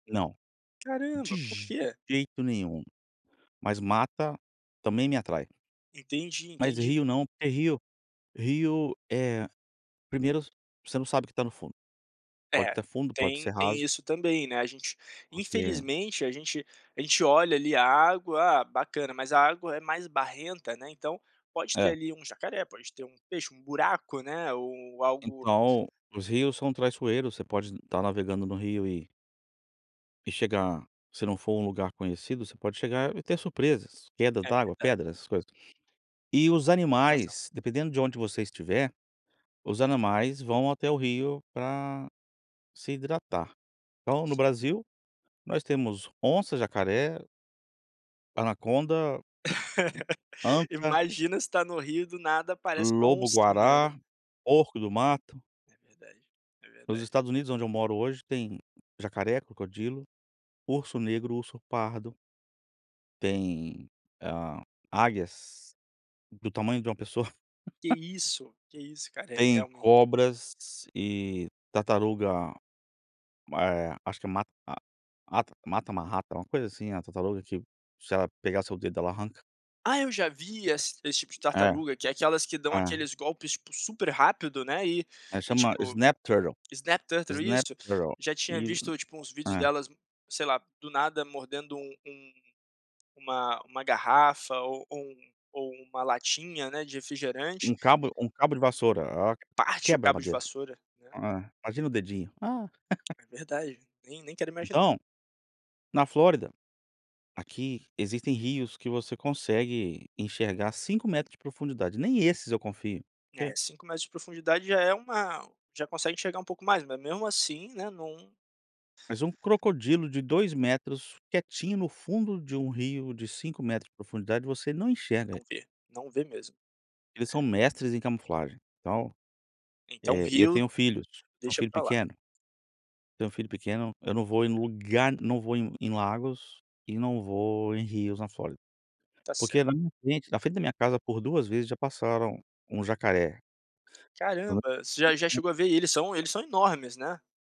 Não, de Caramba, por quê? jeito nenhum, mas mata também me atrai. Entendi, Mas entendi. rio não, porque rio rio, eh, 1º v você não sabe o que tá no fundo. Pode É, estar fundo, pode tem ser tem raso. isso também, né, a gente Porque infelizmente a gente a gente olha ali a água, ah, bacana, mas a água é mais barrenta, né, então pode ter É. ali um jacaré, pode ter um peixe, um buraco, né, ou algo Então os rios são traiçoeiros, você pode estar navegando no rio e e chegar se não for um lugar conhecido você pode chegar e ter surpresas, queda É d'água, verdade. pedras, essas coisas. E os Tem razão. animais, dependendo de onde você estiver, os animais vão até o rio pra se hidratar. Então, no Sim. Brasil, nós temos onça, jacaré anaconda anta Imagina você tá no rio do nada parece uma oncinha, né. lobo-guará, porco-do-mato. É verdade, é Nos verdade. Estados Unidos onde eu moro hoje tem jacaré, crocodilo, urso negro, urso pardo tem a águias, do tamanho de uma pessoa. Que isso, que isso cara, eh, Tem realmente. cobras e tartaruga ma eh, acho que ma a mata matamarrata, alguma coisa assim, a tartaruga que se ela pegar o seu dedo ela arranca. Ah, eu já vi ess esse tipo de É, tartaruga que é aquelas que dão é. aqueles golpes, tipo, super rápido, né, e É, e chama tipo, snap turtle, snap turtle, snap isso, turtle. já tinha E visto tipo uns vídeos é. delas, sei lá, do nada mordendo um um uma uma garrafa ou ou um ou uma latinha, né, de refrigerante. Um cabo um cabo de vassoura, a ela Parte o quebra a cabo de madeira, vassoura, né. eh, imagina o dedinho. Ah. É verdade, nem nem quero imaginar. Então, na Flórida, aqui existem rios que você consegue enxergar 5 metros de profundidade, nem esses eu confio. É, Que 5 metros de profundidade já é uma já consegue enxergar um pouco mais, mas mesmo assim, né não Mas um crocodilo de 2 metros quietinho no fundo de um rio de 5 metros de profundidade você não enxerga ele. Não vê, não vê mesmo, Eles são é. mestres em camuflagem, então, Então eh, e eu rio, tenho filhos, eu tenho um deixa filho para lá. pequeno. Eu tenho um filho pequeno, eu não vou em lugar não vou em em lagos e não vou em rios na Flórida. Tá cer Porque na minha frente na frente da minha casa por 2 vezes já passaram um jacaré. Caramba, você já já [unintelligible] chegou a ver, e eles são eles são enormes, né?